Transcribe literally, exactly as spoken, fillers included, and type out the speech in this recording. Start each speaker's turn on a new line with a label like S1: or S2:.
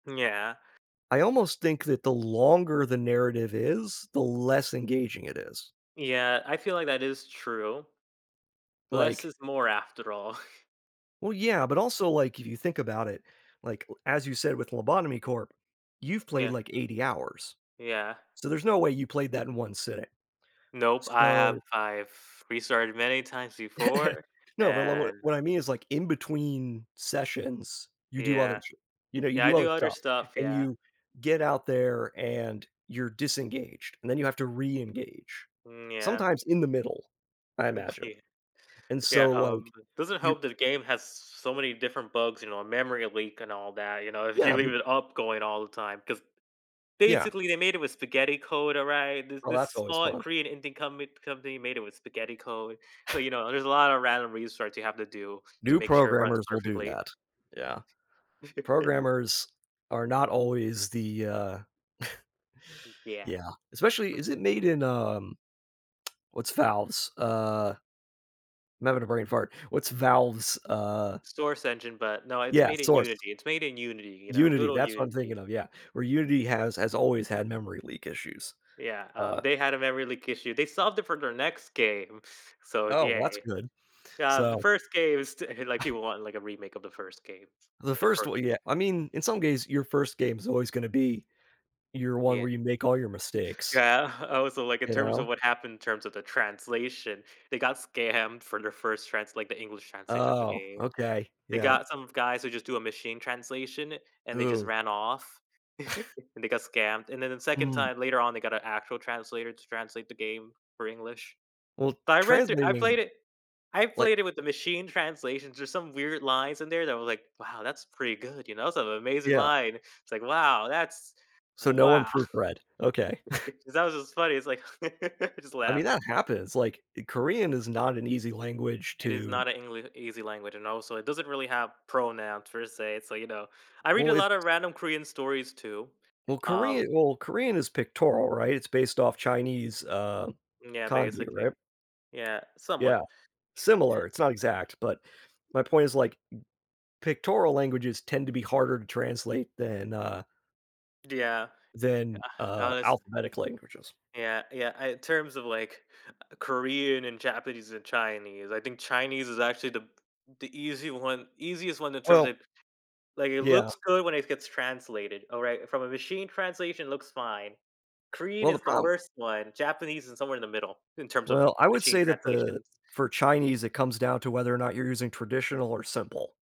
S1: Yeah.
S2: I almost think that the longer the narrative is, the less engaging it is.
S1: Yeah, I feel like that is true. Less
S2: Like
S1: is more after all.
S2: Well, yeah, but also like, if you think about it, like, as you said with Lobotomy Corp, you've played,
S1: Yeah.
S2: like, Eighty hours.
S1: Yeah.
S2: So, there's no way you played that in one sitting.
S1: Nope, I have
S2: So
S1: I've restarted many times before
S2: No, but [unintelligible]
S1: and
S2: what I mean is, like, in between sessions, you do other
S1: Yeah.
S2: sh you know, you
S1: Yeah, I
S2: do other
S1: do other
S2: stuff
S1: stuff,
S2: and
S1: yeah.
S2: you get out there and you're disengaged, and then you have to re-engage,
S1: Mm, yeah.
S2: sometimes in the middle, I imagine,
S1: Okay.
S2: and
S1: Yeah,
S2: so,
S1: um,
S2: like,
S1: doesn't
S2: you're
S1: help that the game has so many different bugs, you know, memory leak and all that, you know, if you
S2: Yeah,
S1: leave
S2: but
S1: it up going all the time, 'cause
S2: Yeah
S1: basically they made it with spaghetti code, alright? This
S2: Well,
S1: this
S2: that's always
S1: small
S2: fun.
S1: Korean Indian comin company made it with spaghetti code, so, you know, there's a lot of random research you have to do to
S2: New
S1: make sure it runs
S2: programmers will do
S1: perfectly.
S2: that. Yeah. Programmers are not always the uh
S1: M yeah.
S2: Yeah, especially is it made in um, what's Valve's, uh I'm having a brain fart. What's Valve's, uh
S1: Source engine, but no, it's
S2: yeah,
S1: made in
S2: source.
S1: Unity It's made in unity, you know, good
S2: Unity,
S1: old
S2: that's what I'm thinking
S1: Unity.
S2: of, yeah, where Unity has has always had memory leak issues,
S1: Yeah, um,
S2: uh
S1: they had a memory leak issue. They solved it for their next game, so
S2: Oh, well, that's
S1: yay.
S2: good.
S1: Yeah, the
S2: So
S1: first game is st like people want, like, a remake of the first game,
S2: The
S1: the
S2: first
S1: fir
S2: one yeah I mean, in some cases, your first game is always gonna be your one
S1: Yeah.
S2: where you make all your mistakes.
S1: Yeah, oh, so like in
S2: You
S1: terms of
S2: know.
S1: what happened in terms of the translation, they got scammed for their first trans like, the English translation of the
S2: Oh,
S1: game.
S2: okay,
S1: They
S2: yeah.
S1: got some guys who just do a machine translation and they just
S2: Who?
S1: ran off, and they got scammed, and then the second
S2: Mm.
S1: time later on, they got an actual translator to translate the game for English.
S2: Well,
S1: But I read thro I
S2: translating
S1: played it I've
S2: like
S1: played it with the machine translations. There's some weird lines in there that I was like, "Wow, that's pretty good, you know, it's an amazing
S2: Yeah.
S1: line." It's like, "Wow, that's
S2: So, no one
S1: wow."
S2: proofread, okay.
S1: It 'cause that was just funny, it's like, I just
S2: I mean,
S1: laughed.
S2: that happens, like, Korean is not an easy language
S1: It is
S2: to
S1: not an Engli easy language, and also it doesn't really have pronouns per se, so, you know, I read
S2: Well,
S1: a
S2: it's
S1: lot of random Korean stories too,
S2: well,
S1: um
S2: Korean well, Korean is pictorial, right? It's based off Chinese, uh,
S1: Yeah,
S2: kanji,
S1: basically,
S2: right?
S1: yeah,
S2: Yeah,
S1: somewhat. Eh
S2: similar, it's not exact, but my point is like, pictorial languages tend to be harder to translate than, uh
S1: Yeah.
S2: then, uh,
S1: honestly
S2: alphabetic languages.
S1: Yeah yeah, in terms of, like, Korean and Japanese and Chinese, I think Chinese is actually the the easy one easiest one in terms
S2: Well
S1: of like, it
S2: Yeah.
S1: looks good when it gets translated, alright, from a machine translation looks fine. Korean
S2: Well, the
S1: is the
S2: problem
S1: worst one. Japanese is somewhere in the middle, in terms of
S2: Well, I would
S1: machine
S2: say that the
S1: translation.
S2: for Chinese, it comes down to whether or not you're using traditional or simple.